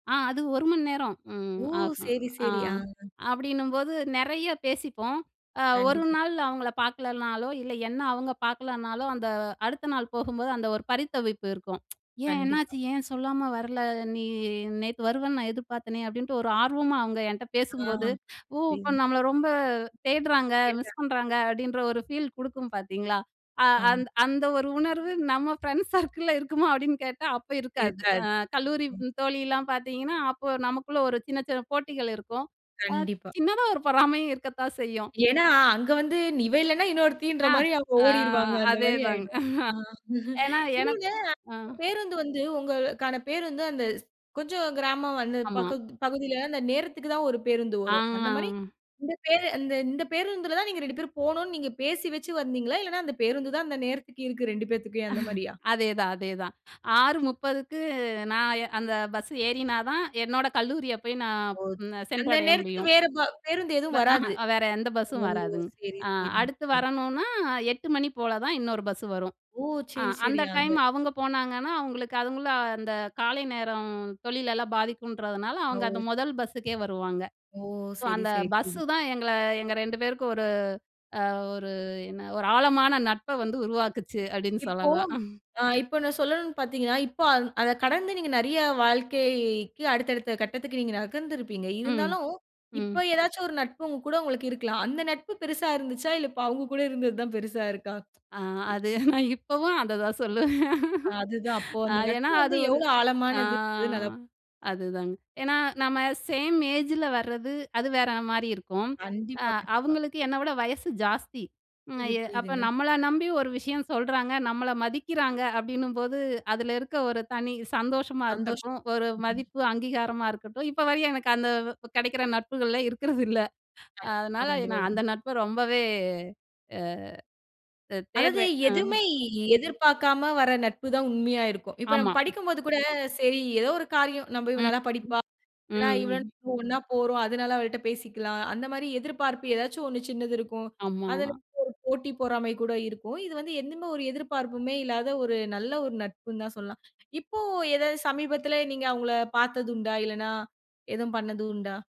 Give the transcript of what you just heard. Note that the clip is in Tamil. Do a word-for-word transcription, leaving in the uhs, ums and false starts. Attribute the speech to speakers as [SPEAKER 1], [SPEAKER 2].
[SPEAKER 1] ஆ. அது ஒரு மண் நேரம் ம்.
[SPEAKER 2] ஓ!
[SPEAKER 1] ஆகும்.
[SPEAKER 2] சேரி
[SPEAKER 1] ஆ.
[SPEAKER 2] சேரி. ஆ.
[SPEAKER 1] அப்படின்னும்போது நெறையா பேசிப்போம். அ ஒரு
[SPEAKER 2] கண்டிப்பா.
[SPEAKER 1] நாள் அவுங்கள பாக்கலன்னாளோ, இல்ல, என்ன அவுங்க பாக்கலன்னாளோ, அந்த அடுத்த நாள் போகும்போது, அந்த ஒரு பரித்தவிப்பு இருக்கும். ப்ச் "ஏன்?
[SPEAKER 2] கண்டிப்பா.
[SPEAKER 1] என்னாச்சு? ஏன் சொல்லாம வரல? நீ நேத்து வருவேன்னு நான் எதிர்பார்த்தேனே!" அப்படின்ட்டு ஒரு ஆர்வமா, அவுங்க என்ட்ட
[SPEAKER 2] ஆஹா.
[SPEAKER 1] பேசும்போது ஓ!
[SPEAKER 2] புரியுது.
[SPEAKER 1] அப்ப நம்மள ரொம்ப தேடுறாங்க, மிஸ்
[SPEAKER 2] கேட்டேன்.
[SPEAKER 1] பண்றாங்க, அப்டின்ற ஒரு ஃபீல் குடுக்கும் பாத்தீங்களா? ஆ.
[SPEAKER 2] ஆமா.
[SPEAKER 1] அந்த அந்த ஒரு உணர்வு நம்ம ஃப்ரெண்ட்ஸ் சர்க்கிள்ல இருக்குமா அப்படின்னு கேட்டா, அப்ப இருக்காது. அ
[SPEAKER 2] இருக்காது.
[SPEAKER 1] கல்லூரி
[SPEAKER 2] ம்.
[SPEAKER 1] தோழிலாம் பாத்தீங்கன்னா, அப்போ நமக்குள்ள ஒரு சின்ன சின்ன போட்டிகள் இருக்கும். ஆ,
[SPEAKER 2] கண்டிப்பா.
[SPEAKER 1] சின்னதா ஒரு பொறாமையும் இருக்கத்தான் செய்யும்.
[SPEAKER 2] ஏன்னா. அங்க வந்து நி இவ இல்லைனா இன்னொருத்தின்ற
[SPEAKER 1] ஆ
[SPEAKER 2] மாரி அவுங்க
[SPEAKER 1] ஆ
[SPEAKER 2] ஓடிருவாங்க அந்த மாரி
[SPEAKER 1] அதேதாங்க!
[SPEAKER 2] ஆயிடும். ஆ.
[SPEAKER 1] ஏன்னா எனக்கு
[SPEAKER 2] இன்னொன்னு,
[SPEAKER 1] ஆ.
[SPEAKER 2] பேருந்து வந்து உங்களுக்கான பேருந்து, அந்த கொஞ்சம் கிராமம் அந்த
[SPEAKER 1] ஆமா.
[SPEAKER 2] பக்கம் பகுதியில அந்த நேரத்துக்கு தான் ஒரு பேருந்து வரும். அந்த மாரி
[SPEAKER 1] ஆ!
[SPEAKER 2] இந்த பே இந்த இந்த பேருந்துல தான் நீங்க இரண்டு பேரும் போனும்ன்னு நீங்க பேசி வச்சி வந்தீங்களா? இல்லன்னா அந்த பேருந்து தான் அந்த நேரத்துக்கு இருக்கு இரண்டு பேத்துகும், அந்த மாரியா?
[SPEAKER 1] அதேதான்! அதேதான்! ஆறு முப்பதுக்கு நான் அந்த பஸ் ஏறினா தான், என்னோட கல்லூரிய போய் நான்
[SPEAKER 2] ஓ. சரி அந்த
[SPEAKER 1] சென்றடைய
[SPEAKER 2] நேரத்துக்கு
[SPEAKER 1] முடியும்.
[SPEAKER 2] வேற ப பேருந்து
[SPEAKER 1] ப
[SPEAKER 2] எதும்
[SPEAKER 1] ஆஹா.
[SPEAKER 2] வராது.
[SPEAKER 1] வேற எந்த
[SPEAKER 2] ஓ!
[SPEAKER 1] பஸ்ஸும் வராதுங்க.
[SPEAKER 2] சரி
[SPEAKER 1] ஆ.
[SPEAKER 2] சரிங்க,
[SPEAKER 1] அடுத்து
[SPEAKER 2] சரி.
[SPEAKER 1] வரணும்ன்னா எட்டுமணி போல தான் இன்னொரு பஸ்ஸு வரும்.
[SPEAKER 2] ஓ!
[SPEAKER 1] ஆ.
[SPEAKER 2] சரி சரி.
[SPEAKER 1] அந்த
[SPEAKER 2] அந்த
[SPEAKER 1] டைம் அவுங்க போனாங்கன்னா அவுங்களுக்கு அவுங்களும் அந்த காலை நேரம் தொழிலெல்லாம் பாதிக்குன்றதுனால, அவுங்க
[SPEAKER 2] ஓ.
[SPEAKER 1] அந்த மொதல் பஸ்ஸுக்கே வருவாங்க.
[SPEAKER 2] ஓ!
[SPEAKER 1] ஸோ
[SPEAKER 2] சரி
[SPEAKER 1] அந்த
[SPEAKER 2] சரி
[SPEAKER 1] பஸ்ஸு
[SPEAKER 2] [unintelligible]
[SPEAKER 1] தான், எங்கள எங்க ரெண்டு பேருக்கும் ஒரு அ ஒரு என்ன ஒரு ஆழமான நட்ப வந்து உருவாக்குச்சு. அப்டின்னு
[SPEAKER 2] இப்போ
[SPEAKER 1] சொல்லலாம்.
[SPEAKER 2] ஆ. இப்போ நான் சொல்லனும் பாத்தீங்கனனா, இப்போ அத கடந்து நீங்க நிறைய வாழ்க்கைக்கு அடுத்த அடுத்த கட்டத்துக்கு நீங்க நகர்ந்து இருப்பீங்க.
[SPEAKER 1] ம்.
[SPEAKER 2] இருந்தாலும், இப்போ
[SPEAKER 1] ம்.
[SPEAKER 2] ஏதாச்சும் ஒரு நட்பும் கூட உங்களுக்கு இருக்கலாம். அந்த நட்பு பெருசா இருந்துச்சா? இல்ல இப்போ அவுங்க கூட இருந்தது தான் பெருசா இருக்கா?
[SPEAKER 1] ஆ. அது நான் இப்பவும் அத தான் சொல்லுவேன்.
[SPEAKER 2] அதுதான். அப்போ
[SPEAKER 1] ஆ.
[SPEAKER 2] அந்த
[SPEAKER 1] ஏன்னா
[SPEAKER 2] நட்பு வந்து
[SPEAKER 1] அது ஒரு
[SPEAKER 2] எவ்வளவு
[SPEAKER 1] ஆ.
[SPEAKER 2] ஆழமானது நல்லாப் [unintelligible]
[SPEAKER 1] அதுதாங்க. ஏன்னா நம்ம சேம் ஏஜில வர்றது, அது வேற மாரி இருக்கும். அ
[SPEAKER 2] கண்டிப்பா கண்டிப்பா.
[SPEAKER 1] அவுங்களுக்கு என்னை விட வயசு ஜாஸ்தி. ம்
[SPEAKER 2] புரிது
[SPEAKER 1] அய அப்போ
[SPEAKER 2] புரியுதுங்க.
[SPEAKER 1] நம்மள நம்பி ஒரு விஷயம் சொல்றாங்க, நம்மள மதிக்கிறாங்க, அப்டின்னும்போது, அதில இருக்க ஒரு தனி சந்தோஷமா
[SPEAKER 2] சந்தோஷம்.
[SPEAKER 1] இருக்கட்டும், ஒரு
[SPEAKER 2] ம்ஹ்ம்.
[SPEAKER 1] மதிப்பு, அங்கீகாரமா இருக்கட்டும், இப்போ வரையும், எனக்கு அந்த வ கெடைக்கிற நட்புகள இருக்கிறதில்லை.
[SPEAKER 2] கண்டிப்பா
[SPEAKER 1] அதனால
[SPEAKER 2] கண்டிப்பா
[SPEAKER 1] நான்
[SPEAKER 2] உண்
[SPEAKER 1] அந்த நட்ப ரொம்பவே, அ தே
[SPEAKER 2] அதாவது,
[SPEAKER 1] தேடுறேன். ஆ.
[SPEAKER 2] எதுவுமே எ எதிர்பாக்காம வர்ற நட்பு தான் உண்மையா இருக்கும். இப்போ நம்ம
[SPEAKER 1] ஆமா.
[SPEAKER 2] படிக்கும் போது கூட, சரி ஏதோ ஒரு காரியம், நம்ப இவ
[SPEAKER 1] ம்,
[SPEAKER 2] நல்ல படிப்பா.
[SPEAKER 1] ம்.
[SPEAKER 2] இல்லன்னா
[SPEAKER 1] ம்
[SPEAKER 2] இவ
[SPEAKER 1] ம்.
[SPEAKER 2] ஒண்ணா போறோம். அதனால அவள்ட்ட பேசிக்கலாம். அந்த மாரி எதிர்பார்ப்பு ஏதாச்சும் ஒண்ணு சின்னது இருக்கும்.
[SPEAKER 1] ஆமா.
[SPEAKER 2] அதிலருந்து ஒரு போட்டி பொறாமை கூட இருக்கும். இது வந்து எந்துமே ஒரு எதிர்பார்ப்புமே இல்லாத ஒரு நல்ல ஒரு நட்புன்னு தான் சொல்லலாம். இப்போ ஏதாவது சமீபத்தில நீங்க அவுங்கள பாத்தது உண்டா? இல்லன்னா எதுவும் பண்ணது உண்டா?